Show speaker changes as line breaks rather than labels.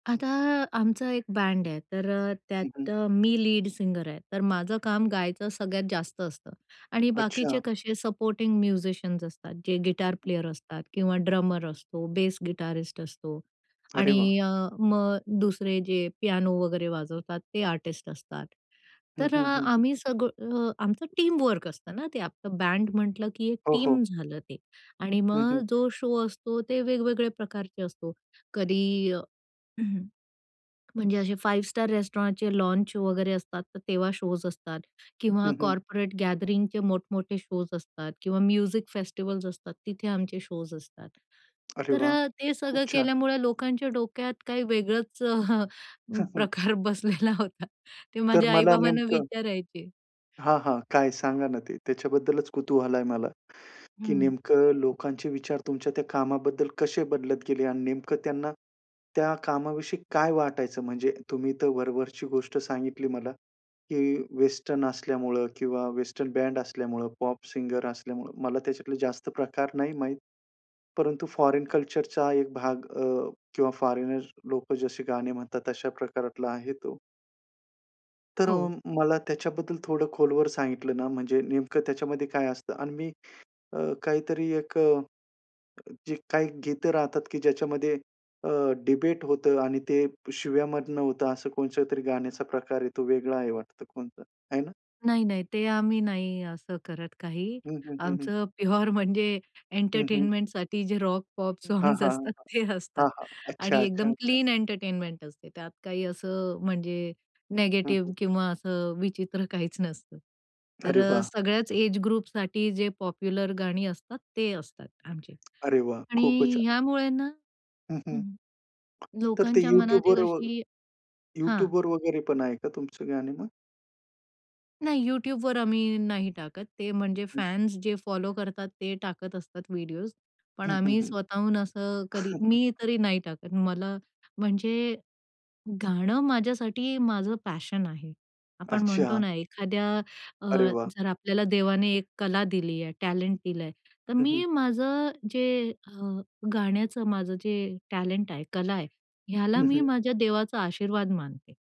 आता आमचं एक बँड आहे, तर अ,
हं,
त्यात
हं.
अ, मी लीड सिंगर आहे, तर माझं काम गायचं सगळ्यात जास्त असतं आणि बाकीचे
अच्छा.
कसे सपोर्टिंग म्युझिशियन्स असतात. जे गिटार प्लेयर असतात किंवा ड्रमर असतो, बेस गिटारिस्ट असतो
अरे वाह!
आणि अ, मग दुसरे जे पियानो वगैरे वाजवतात ते आर्टिस्ट असतात.
हं,
तर अ
हं, हं.
आम्ही सगळं आमचं टीम वर्क असतं ना, ते आपलं बँड म्हंटलं की एक
हो, हो.
टीम झालं ते आणि
हं,
मग
हं.
जो शो असतो, ते वेगवेगळ्या प्रकारचे असतो. कधी म्हणजे असे फाइव्ह स्टार रेस्टॉरंटचे लॉन्च वगैरे असतात, तर तेव्हा शोज असतात किंवा
हं, हं.
कॉर्पोरेट गॅदरिंगचे मोठमोठे शोज असतात किंवा म्युझिक फेस्टिव्हल्स असतात, तिथे आमचे शोज असतात.
अरे
तर
वाह!
ते
खूप
सगळं
छान.
केल्यामुळे लोकांच्या डोक्यात काही वेगळंच प्रकार बसलेला होता. ते
तर
माझ्या
मला
आई-बाबांना
नेमकं
विचारायचे.
हां, हां, काय सांगा ना ते, त्याच्याबद्दलच कुतूहल आहे मला, की
हं.
नेमकं लोकांचे विचार तुमच्या त्या कामाबद्दल कसे बदलत गेले आणि नेमकं त्यांना त्या कामाविषयी काय वाटायचं? म्हणजे तुम्ही तर वरवरची गोष्ट सांगितली मला, की वेस्टर्न असल्यामुळं किंवा वेस्टर्न बँड असल्यामुळं, पॉप सिंगर असल्यामुळं, मला त्याच्यातला जास्त प्रकार नाही माहित. परंतु फॉरेन कल्चरचा एक भाग अ, किंवा फॉरेनर लोकं जसे गाणे म्हणतात, तशा प्रकारातला आहे तो. तर
हो.
मला त्याच्याबद्दल थोडं खोलवर सांगितलं ना, म्हणजे नेमकं त्याच्यामध्ये काय असतं आणि मी अ, काहीतरी एक अ, जे काही गीतं राहतात, की ज्याच्यामध्ये अ, डिबेट होतं आणि ते शिव्यामधनं होतं. असं कोणच्यातरी गाण्याचा प्रकार आहे. तो वेगळा आहे वाटतं कोणता, आहे ना?
नाही, नाही. ते आम्ही नाही असं करत काही.
हं, हं, हं, हं.
आमचं प्युअर म्हणजे
हं, हं.
एंटरटेनमेंटसाठी जे रॉक-पॉप
हां,
सॉंग्स
हां,
असतात, ते असतात
हां, हां.
आणि
अच्छा, अच्छा,
एकदम
अच्छा.
क्लीन एंटरटेनमेंट असते. त्यात काही असं म्हणजे
हं, हं.
निगेटिव्ह किंवा असं विचित्र काहीच नसतं. तर
अरे
अ,
वाह!
सगळ्याच एज ग्रुपसाठी जे पॉप्युलर गाणी असतात, ते असतात आमचे
अरे वाह! खूपच
आणि
छान.
ह्यामुळे ना,
हं, हं.
हं,
तर ते
लोकांच्या मनात एक
YouTubeवर
अशी हां.
YouTubeवर वगैरे पण आहे का तुमचं गाणे मग?
नाही YouTubeवर आम्ही नाही टाकत. ते म्हणजे
हं.
फॅन्स जे फॉलो करतात ते टाकत असतात व्हिडिओज, पण
हं, हं,
आम्ही
हं.
स्वतःहून असं कधी, मी तरी नाही टाकत. मला म्हणजे गाणं माझ्यासाठी माझं पॅशन आहे. आपण म्हणतो
अच्छा.
ना, एखाद्या अ,
अरे वाह!
जर आपल्याला देवाने एक कला दिली आहे, टॅलेंट दिलंय, तर
हं, हं.
मी माझं जे अ, गाण्याचं माझं जे टॅलेंट आहे, कला आहे, ह्याला
हं,
मी
हं.
माझ्या देवाचा आशीर्वाद मानते.